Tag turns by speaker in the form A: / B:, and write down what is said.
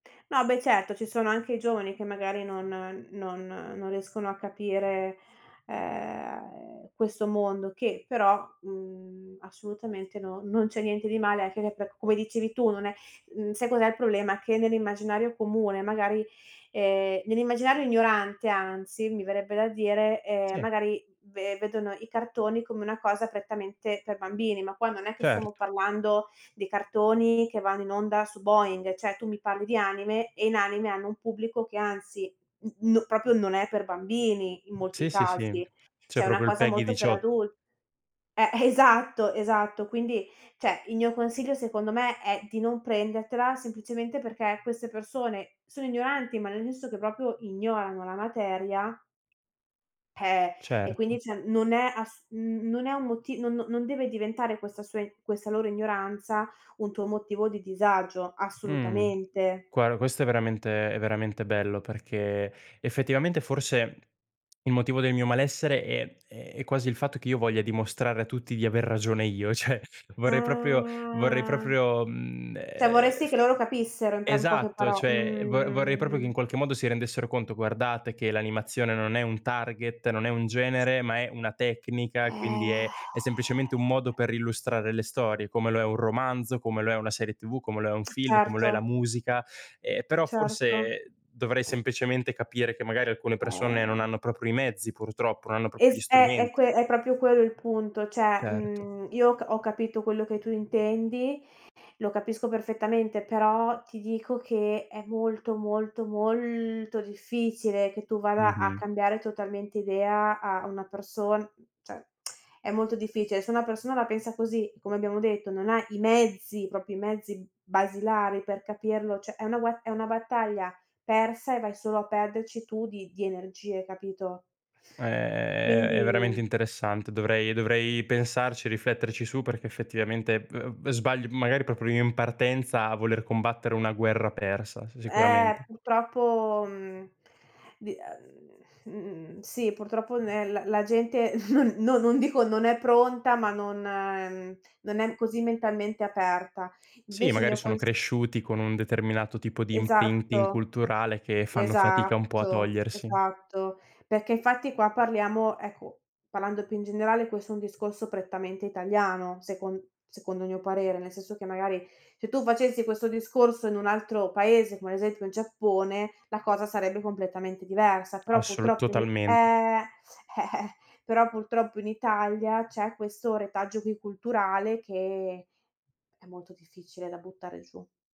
A: No beh certo ci sono anche giovani che magari non non non riescono a capire, ehm, questo mondo che però, mhmm, assolutamente n non c'è niente di male anche che per come dicevi tu non è mhmm, sai cos'è il problema? Che nell'immaginario comune magari, ehm, nell'immaginario ignorante anzi, mi verrebbe da dire, ehm,
B: Sì.
A: magari ve vedono i cartoni come una cosa prettamente per bambini, ma qua non è che stiamo
B: Certo.
A: parlando dei cartoni che vanno in onda su Boing, cioè tu mi parli di anime e in anime hanno un pubblico che anzi n n proprio non è per bambini in molti
B: Sì, sì, sì,
A: casi,
B: c'è
A: cioè una
B: proprio il
A: cosa
B: PEGI
A: molto per
B: 18
A: adul eh esatto, esatto, quindi cioè, il mio consiglio secondo me è di non prendertela semplicemente perché queste persone sono ignoranti, ma nel senso che proprio ignorano la materia peh, e quindi
B: Certo.
A: c'è non è ass n non è un moti non no non deve diventare questa sua i questa loro ignoranza un tuo motivo di disagio,
B: Mh.
A: assolutamente.
B: Guar questo è veramente è veramente bello perché effettivamente forse il motivo del mio malessere è è quasi il fatto che io voglia dimostrare a tutti di aver ragione io, cioè vorrei proprio, vorrei
A: Ah.
B: proprio, mhmm,
A: Cioè
B: ehm,
A: vorresti
B: f
A: che loro capissero in pra in poche
B: esatto,
A: paro
B: cioè vo vorrei proprio che in
A: mh.
B: qualche modo si rendessero conto: "Guardate che l'animazione non è un target, non è un genere, ma è una tecnica, quindi è
A: Eh.
B: è semplicemente un modo per illustrare le storie, come lo è un romanzo, come lo è una serie TV, come lo è un film, come lo è la
A: Certo.
B: musica". Ehm, però
A: Certo.
B: forse dovrei semplicemente capire che magari alcune persone non
A: Eh.
B: hanno proprio i mezzi purtroppo, non hanno proprio gli
A: Es eh, è
B: strumenti.
A: que è proprio quello il punto, cioè
B: Certo.
A: mhmm, io ho c ho capito quello che tu intendi, lo capisco perfettamente, però ti dico che è molto, molto, molto difficile che tu vada a
B: Mh-mh.
A: cambiare totalmente idea a una person cioè è molto difficile, se una persona la pensa così, come abbiamo detto, non ha i mezzi, proprio i mezzi b basilari per capirlo, cioè è una gue è una battaglia persa e vai solo a perderci tu di di energie, capito?
B: Ehm, è veramente
A: Quindi
B: interessante. Dovrei dovrei pensarci e rifletterci su perché effettivamente v v sbaglio magari proprio io in partenza a voler combattere una guerra persa, s
A: Eh
B: sicuramente.
A: purtroppo mhmm di ehm mhmm sì, purtroppo nè l la gente, non no, non dico non è pronta, ma non non è così mentalmente aperta.
B: Sì,
A: Invece il
B: magari
A: mio
B: sono
A: cons
B: cresciuti con un determinato tipo di imprinting
A: Esatto.
B: culturale che fanno fatica un po' a
A: Esatto,
B: togliersi.
A: esatto. Perché infatti qua parliamo, ecco, parlando più in generale, questo è un discorso prettamente italiano, secon secondo il mio parere, nel senso che magari se tu facessi questo discorso in un altro paese, come ad esempio il Giappone, la cosa sarebbe completamente diversa. Però
B: Assolu
A: purtroppo in i
B: totalmen
A: eh, però purtroppo in Italia c'è questo retaggio qui culturale che è molto difficile da buttare giù.